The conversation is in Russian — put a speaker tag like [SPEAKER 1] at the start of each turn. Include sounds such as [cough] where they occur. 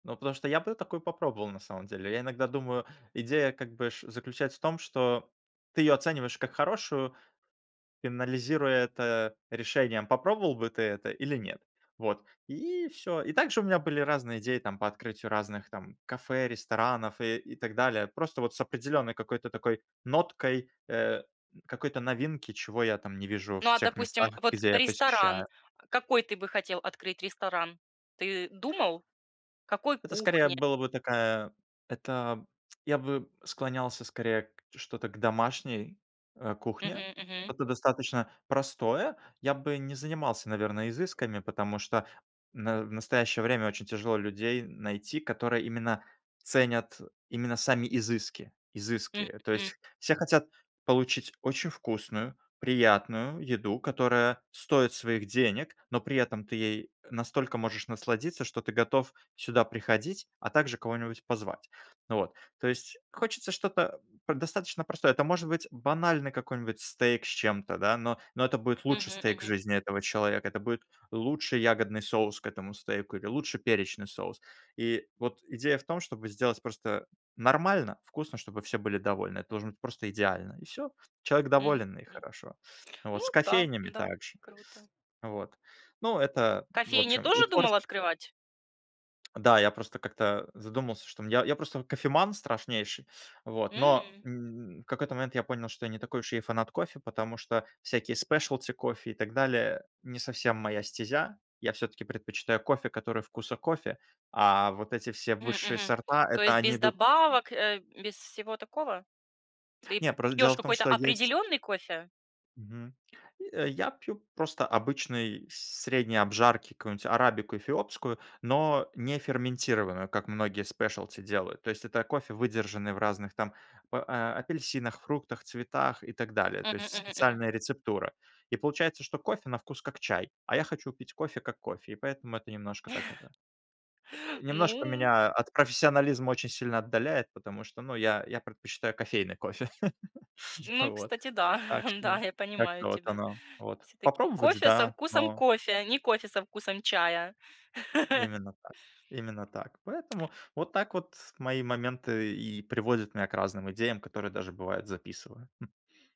[SPEAKER 1] Ну, потому что я бы такую попробовал на самом деле. Я иногда думаю, идея как бы ш заключается в том, что ты её оцениваешь как хорошую, анализируя это решением, попробовал бы ты это или нет? Вот и всё. И также у меня были разные идеи там по открытию разных там кафе, ресторанов и и так далее. Просто вот с определенной какой-то такой ноткой, э, какой-то новинки, чего я там не вижу
[SPEAKER 2] Ну,
[SPEAKER 1] в
[SPEAKER 2] а,
[SPEAKER 1] тех местах,
[SPEAKER 2] допустим, вот
[SPEAKER 1] где я
[SPEAKER 2] ресторан.
[SPEAKER 1] посещаю.
[SPEAKER 2] Какой ты бы хотел открыть ресторан? Ты думал? Какой
[SPEAKER 1] Это скорее, а,
[SPEAKER 2] кухне?
[SPEAKER 1] была бы такая. Это я бы склонялся скорее к что-то к домашней, э, кухне.
[SPEAKER 2] Мгм, мгм.
[SPEAKER 1] Это достаточно простое. Я бы не занимался, наверное, изысками, потому что в на в настоящее время очень тяжело людей найти, которые именно ценят именно сами изыски
[SPEAKER 2] М,
[SPEAKER 1] изыски. То
[SPEAKER 2] м.
[SPEAKER 1] есть все хотят получить очень вкусную, приятную еду, которая стоит своих денег, но при этом ты ей настолько можешь насладиться, что ты готов сюда приходить, а также кого-нибудь позвать. Ну вот, то есть хочется что-то п достаточно простое. Это может быть банальный какой-нибудь стейк с чем-то, да, но но это будет лучший
[SPEAKER 2] Мгм,
[SPEAKER 1] стейк в
[SPEAKER 2] мгм.
[SPEAKER 1] жизни этого человека. Это будет лучший ягодный соус к этому стейку или лучший перечный соус. И вот идея в том, чтобы сделать просто нормально, вкусно, чтобы все были довольны. Это должен быть просто идеально, и всё. Человек
[SPEAKER 2] Мгм,
[SPEAKER 1] доволен, и
[SPEAKER 2] м.
[SPEAKER 1] хорошо. Вот с
[SPEAKER 2] Ну да,
[SPEAKER 1] кофейнями
[SPEAKER 2] да,
[SPEAKER 1] так же.
[SPEAKER 2] круто.
[SPEAKER 1] Вот, ну, это, в
[SPEAKER 2] Кофейни
[SPEAKER 1] общем, и
[SPEAKER 2] тоже
[SPEAKER 1] творч
[SPEAKER 2] думал открывать?
[SPEAKER 1] Да, я просто как-то задумался, что, м, я я просто вот кофеман страшнейший. Вот, но,
[SPEAKER 2] М.
[SPEAKER 1] м, в какой-то момент я понял, что я не такой уж и фанат кофе. Потому что всякие specialty кофе и так далее- не совсем моя стезя. Я всё-таки предпочитаю кофе, который вкуса кофе, а вот эти все
[SPEAKER 2] М,
[SPEAKER 1] высшие
[SPEAKER 2] мгм.
[SPEAKER 1] сорта-
[SPEAKER 2] То
[SPEAKER 1] это
[SPEAKER 2] есть
[SPEAKER 1] они
[SPEAKER 2] без
[SPEAKER 1] идут
[SPEAKER 2] добавок, э, без всего такого? Ты
[SPEAKER 1] Нет, просто дело
[SPEAKER 2] пьёшь
[SPEAKER 1] в том,
[SPEAKER 2] какой-то
[SPEAKER 1] что есть
[SPEAKER 2] определённый кофе?
[SPEAKER 1] Мгм. Э, я пью просто обычной средней обжарки какую-нибудь арабику эфиопскую, но не ферментированную, как многие specialty делают. То есть это кофе, выдержанный в разных там п а апельсинах, фруктах, цветах и так далее.
[SPEAKER 2] Мгм,
[SPEAKER 1] То есть
[SPEAKER 2] мгм, мгм.
[SPEAKER 1] специальная рецептура. И получается, что кофе на вкус как чай, а я хочу пить кофе как кофе. И поэтому это немножко так это,
[SPEAKER 2] [chuckles]
[SPEAKER 1] о, немножко
[SPEAKER 2] Ну
[SPEAKER 1] меня от профессионализма очень сильно отдаляет. Потому что, ну, я я предпочитаю кофейный кофе. [chuckles] А,
[SPEAKER 2] Ну,
[SPEAKER 1] вот.
[SPEAKER 2] кстати, да.
[SPEAKER 1] Так
[SPEAKER 2] [chuckles] Да,
[SPEAKER 1] что
[SPEAKER 2] я понимаю
[SPEAKER 1] как-то вот
[SPEAKER 2] тебя.
[SPEAKER 1] оно вот.
[SPEAKER 2] Всё-таки
[SPEAKER 1] Попробовать-
[SPEAKER 2] кофе со
[SPEAKER 1] да,
[SPEAKER 2] вкусом
[SPEAKER 1] но
[SPEAKER 2] кофе, не кофе со вкусом чая. [laughs]
[SPEAKER 1] Именно так. Именно так. Поэтому вот так вот мои моменты и приводят меня к разным идеям, которые даже, бывает, записываю, м.